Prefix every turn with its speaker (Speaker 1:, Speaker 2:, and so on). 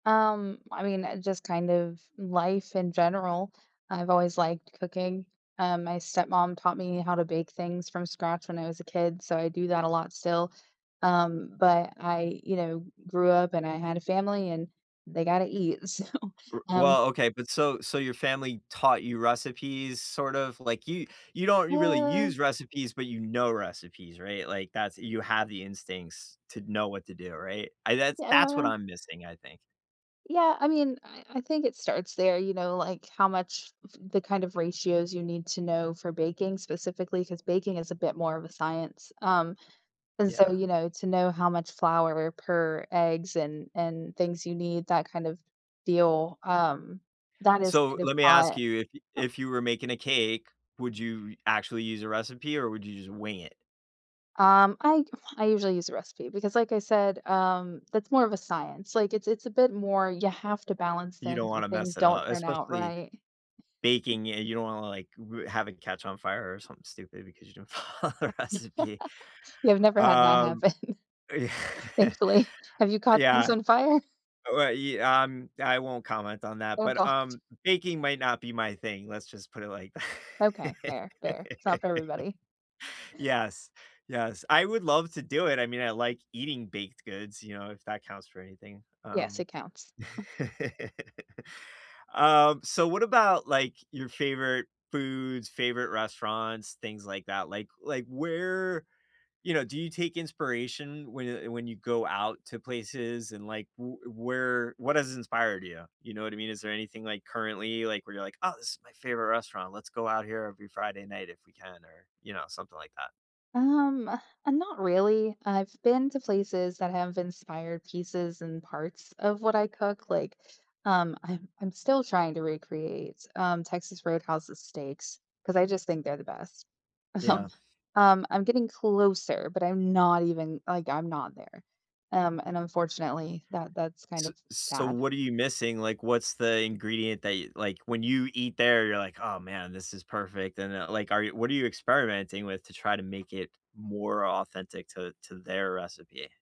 Speaker 1: Um, I mean, uh, just kind of life in general, I've always liked cooking, uh, my stepmom taught me how to bake things from scratch when I was a kid, so I do that a lot still. Um, but I, you know, grew up and I had a family and they gotta eat, so,
Speaker 2: R
Speaker 1: um
Speaker 2: well, okay, but, so so your family taught you recipes, sort of like, you you don't you really
Speaker 1: Uh.
Speaker 2: use recipes, but you know recipes, right? Like, that's you have the instincts to know what to do, right? I that's that's what
Speaker 1: Yeah.
Speaker 2: I'm missing, I think.
Speaker 1: Yeah, I mean, I I think it starts there, you know, like how much f the kind of ratios you need to know for baking, specifically, 'cause baking is a bit more of a science, um, and, so,
Speaker 2: Yeah.
Speaker 1: you know, to know how much flour per eggs and and things you need, that kind of deal, um, that is
Speaker 2: So,
Speaker 1: kind of
Speaker 2: let me ask
Speaker 1: taught.
Speaker 2: you, if
Speaker 1: Oh
Speaker 2: if you were making a cake, would you actually use a recipe, or would you just wing it?
Speaker 1: Um, I I usually use a recipe because, like I said, um, that's more of a science. Like, it's it's a bit more you have to balance
Speaker 2: You don't
Speaker 1: things or
Speaker 2: wanna
Speaker 1: things
Speaker 2: mess it
Speaker 1: don't
Speaker 2: up,
Speaker 1: turn out
Speaker 2: especially
Speaker 1: right.
Speaker 2: baking it, and you don't wanna, like, ru have it catch on fire or something stupid because you didn't follow the recipe.
Speaker 1: Yeah, I've never had that
Speaker 2: Um
Speaker 1: happen,
Speaker 2: Yeah.
Speaker 1: thankfully. Have you
Speaker 2: Uh,
Speaker 1: caught things
Speaker 2: yeah,
Speaker 1: on fire?
Speaker 2: uh, wa ye um, I won't comment on that,
Speaker 1: Oh,
Speaker 2: but,
Speaker 1: god.
Speaker 2: um, baking might not be my thing, let's just put it like th
Speaker 1: Okay, fair, fair. It's not for everybody.
Speaker 2: Yes, yes. I would love to do it; I mean, I like eating baked goods, you know, if that counts for anything,
Speaker 1: Yes,
Speaker 2: um
Speaker 1: it counts.
Speaker 2: um, so what about, like, your favorite foods, favorite restaurants, things like that, like like, where you know, do you take inspiration when you when you go out to places and, like, w uh, where what has inspired you, you know what I mean? Is there anything, like, currently, like, where you're like, "Oh, this is my favorite restaurant. Let's go out here every Friday night if we can," or, you know, something like that?
Speaker 1: Um, uh, not really. I've been to places that have inspired pieces and parts of what I cook, like, um, I'm I'm still trying to recreates, um, Texas Roadhouse's steaks 'cause I just think they're the best. Um,
Speaker 2: Yeah.
Speaker 1: um, I'm getting closer, but I'm not even like, I'm not there, um, and, unfortunately, that that's kind
Speaker 2: S
Speaker 1: of
Speaker 2: so,
Speaker 1: sad.
Speaker 2: what are you missing, like, what's the ingredient that y like, when you eat there, you're like, "Oh, man, this is perfect," and, then, like, are you what are you experimenting with to try to make it more authentic to to their recipe?